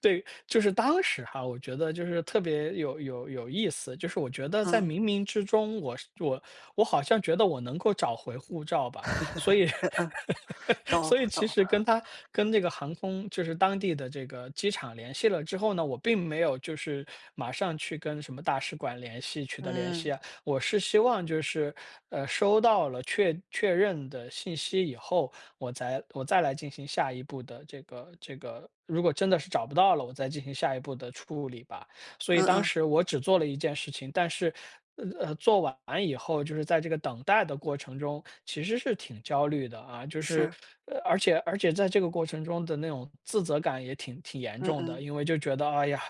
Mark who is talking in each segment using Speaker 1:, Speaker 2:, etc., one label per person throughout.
Speaker 1: 对，就是当时哈，我觉得就是特别有有有意思，就是我觉得在
Speaker 2: 啊。
Speaker 1: 冥冥之中我是我我好像觉得我能够找回护照吧。所以
Speaker 2: 嗯，懂
Speaker 1: 所以其
Speaker 2: 懂。
Speaker 1: 实跟它跟这个航空就是当地的这个机场联系了之后呢，我并没有就是马上去跟什么大使馆联系取得联系
Speaker 2: 嗯。
Speaker 1: 啊。我是希望就是，呃，收到了确确认的信息以后，我再我再来进行下一步的这个这个如果真的是找不到了，我再进行下一步的处理吧。所以
Speaker 2: 嗯
Speaker 1: 当
Speaker 2: 嗯。
Speaker 1: 时我只做了一件事情，但是，呃，呃，做完以后，就是在这个等待的过程中，其实是挺焦虑的啊，就是
Speaker 2: 是。
Speaker 1: 呃，而且而且在这个过程中的那种自责感也挺挺严
Speaker 2: 嗯
Speaker 1: 重的。
Speaker 2: 嗯。
Speaker 1: 因为就觉得：“哎呀，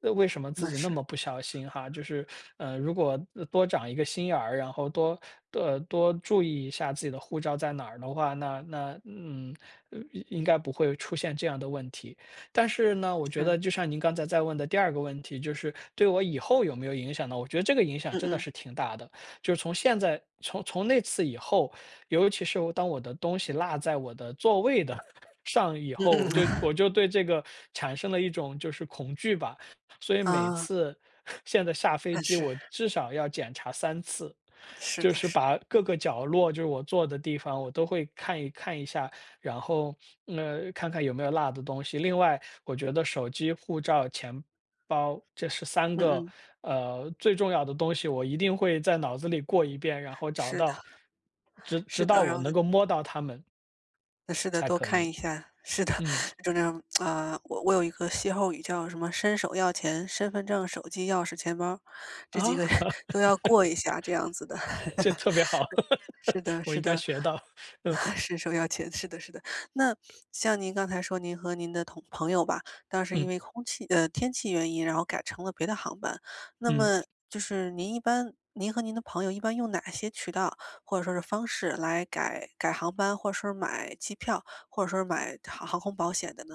Speaker 1: 那为什么自
Speaker 2: 那
Speaker 1: 己那
Speaker 2: 是。
Speaker 1: 么不小心哈，就是，呃，如果，呃，多长一个心眼儿，然后多呃，多注意一下自己的护照在哪儿的话，那那嗯，呃，应应该不会出现这样的问题”。但是呢，我觉得
Speaker 2: 是。
Speaker 1: 就像您刚才在问的第2个问题，就是对我以后有没有影响呢？我觉得这个影响
Speaker 2: 嗯
Speaker 1: 真的
Speaker 2: 嗯。
Speaker 1: 是挺大的，就是从现在从从那次以后，尤其是当我的东西落在我的座位的 上以
Speaker 2: 嗯
Speaker 1: 后，我
Speaker 2: 嗯。
Speaker 1: 就我 就对这个产生了一种就是恐惧吧。所以每
Speaker 2: 啊。
Speaker 1: 次 现在下飞
Speaker 2: 嗯，
Speaker 1: 机，
Speaker 2: 是。
Speaker 1: 我至少要检查3次，
Speaker 2: 是
Speaker 1: 就
Speaker 2: 的
Speaker 1: 是
Speaker 2: 是
Speaker 1: 把
Speaker 2: 的。
Speaker 1: 各个角落，就是我坐的地方，我都会看一看一下，然后，呃，看看有没有落的东西。另外我觉得手机、护照、钱包这是3
Speaker 2: 嗯
Speaker 1: 个，
Speaker 2: 嗯。
Speaker 1: 呃，最重要的东西，我一定会在脑子里过一遍，然后找
Speaker 2: 是的。
Speaker 1: 到直
Speaker 2: 是
Speaker 1: 直到
Speaker 2: 的，然
Speaker 1: 我
Speaker 2: 后呢
Speaker 1: 能够摸到它们
Speaker 2: 是的，
Speaker 1: 才
Speaker 2: 多
Speaker 1: 可
Speaker 2: 看
Speaker 1: 以，
Speaker 2: 一下，是的，
Speaker 1: 嗯。
Speaker 2: 就这样 啊，我我有一个歇后语叫什么？身手钥钱，身份证、手机、钥匙、钱包儿，
Speaker 1: 啊？
Speaker 2: 这几个都要过一下这样子的。
Speaker 1: 这特别好，
Speaker 2: 是的
Speaker 1: 我应
Speaker 2: 是
Speaker 1: 该
Speaker 2: 的，
Speaker 1: 学到。嗯。
Speaker 2: 身手钥钱，是的是的。那像您刚才说，您和您的同朋友吧，当时是因
Speaker 1: 嗯。
Speaker 2: 为空气呃，天气原因，然后改成了别的航班，那
Speaker 1: 嗯。
Speaker 2: 么就是您一般您和您的朋友一般用哪些渠道或者说是方式来改改航班，或者说是买机票，或者说是买航航空保险的呢？